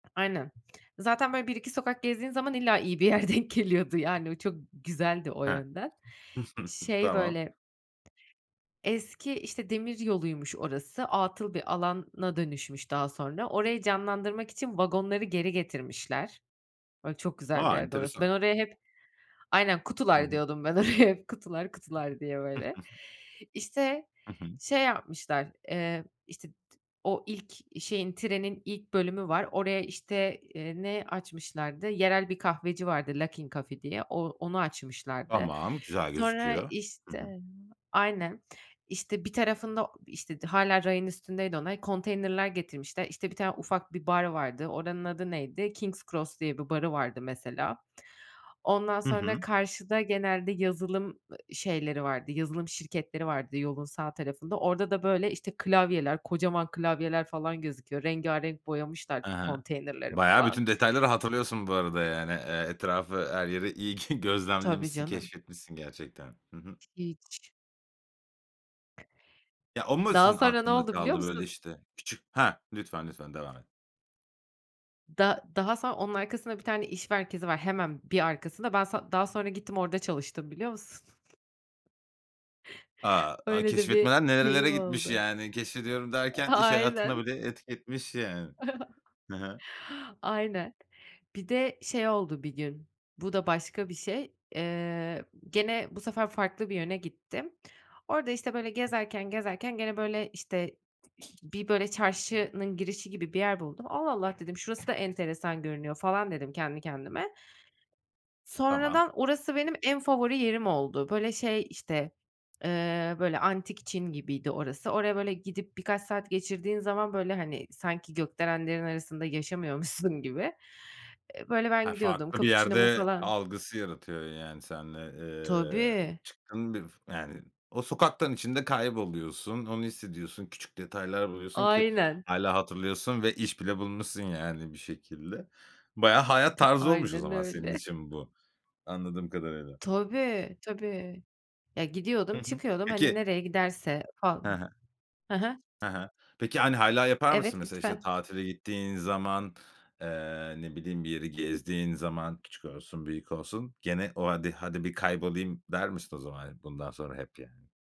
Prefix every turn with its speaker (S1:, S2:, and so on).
S1: Aynen. Zaten böyle 1-2 sokak gezdiğin zaman illa iyi bir yer denk geliyordu. Yani, o çok güzeldi o
S2: Hah.
S1: yönden. Şey,
S2: Tamam.
S1: böyle eski, işte, demir yoluymuş orası. Atıl bir alana dönüşmüş daha sonra, orayı canlandırmak için vagonları geri getirmişler. Böyle, çok güzel bir
S2: A,
S1: yerdi orası. Ben
S2: enteresan.
S1: oraya hep Aynen
S2: Hı
S1: "kutular"
S2: hı.
S1: diyordum ben oraya hep, "Kutular, kutular." diye böyle. İşte,
S2: Hı hı.
S1: şey yapmışlar, eee, işte, t o ilk şeyin, trenin ilk bölümü var. Oraya işte, eee, ne açmışlardı? Yerel bir kahveci vardı Luckin Coffee diye. O onu açmışlardı.
S2: Tamam, güzel
S1: Sonra,
S2: gözüküyor. Hı
S1: işte
S2: hı.
S1: Aynen, işte, bir tarafında, işte, o hâlâ rayın üstündeydi onlar, konteynerler getirmişler. İşte, bir tane ufak bir bar vardı, oranın adı neydi? King's Cross diye bir barı vardı mesela. Ondan
S2: Hı
S1: sonra
S2: hı.
S1: karşıda genelde yazılım, ııı, şeyleri vardı, yazılım şirketleri vardı yolun sağ tarafında. Orada da, böyle, işte, klavyeler, kocaman klavyeler falan gözüküyor. Rengârenk boyamışlar
S2: Hı hı.
S1: konteynerleri
S2: Bayağı
S1: falan.
S2: bütün detayları hatırlıyorsun bu arada yani. Eee, etrafı her yeri iyi
S1: Tabii,
S2: gözlemlemişsin
S1: canım.
S2: keşfetmişsin gerçekten. Hı hı.
S1: Hiç.
S2: Ya, o mu
S1: Daha
S2: senin
S1: sonra ne
S2: aklında
S1: oldu biliyor
S2: kaldı böyle
S1: musun?
S2: işte? Küçük. Hah. Lütfen, lütfen devam et.
S1: Da daha sonra onun arkasında bir tane iş merkezi var hemen bir arkasında. Ben son daha sonra gittim orada çalıştım, biliyor musun?
S2: A! Aaa,
S1: Öyle de bir
S2: keşfetmeler nerelere
S1: şeyim
S2: gitmiş
S1: oldu.
S2: yani? Keşfediyorum
S1: Eee,
S2: derken iş hayatına
S1: aynen.
S2: bile etki etmiş yani. Hı hı.
S1: Aynen. Bir de şey oldu bir gün: Bu da başka bir şey, eee, gene bu sefer farklı bir yöne gittim. Orada, işte, böyle, gezerken gezerken gene, böyle, işte, bir, böyle, çarşının girişi gibi bir yer buldum. "Allah, Allah." dedim, "Şurası da enteresan görünüyor." falan dedim kendi kendime.
S2: Tamam.
S1: Sonradan orası benim en favori yerim oldu. Böyle, şey, işte, eee, böyle, antik Çin gibiydi orası. Oraya, böyle, gidip birkaç saat geçirdiğin zaman, böyle, hani, sanki gökdelenlerin arasında yaşamıyormuşsun gibi. Eee, böyle, ben
S2: Ha,
S1: gidiyordum,
S2: farklı bir
S1: kapuçinomu
S2: yerde
S1: falan
S2: algısı yaratıyor yani seninle, eee,
S1: Tabii.
S2: çıktın bir, yani, o sokaktan içinde kayboluyorsun. Onu hissediyorsun. Küçük detaylar buluyorsun ki.
S1: Aynen.
S2: Hâlâ hatırlıyorsun ve iş bile bulmuşsun, yani, bir şekilde. Bayağı hayat
S1: Ta
S2: tarzı olmuş o
S1: Aynen,
S2: zaman senin
S1: öyle.
S2: için bu, anladığım kadarıyla.
S1: Tabii, tabii. Ya,
S2: Hı
S1: gidiyordum,
S2: hı.
S1: çıkıyordum, hani,
S2: Peki
S1: nereye giderse fal
S2: Hı hı.
S1: Hı hı.
S2: Hı hı. Peki, hani, hâlâ yapar mısın?
S1: Evet,
S2: Mesela işte
S1: lütfen.
S2: tatile gittiğin zaman, eee, ne bileyim bir yeri gezdiğin zaman küçük olsun büyük olsun gene o hadi hadi bir kaybolayım der misin o zaman bundan sonra hep yani?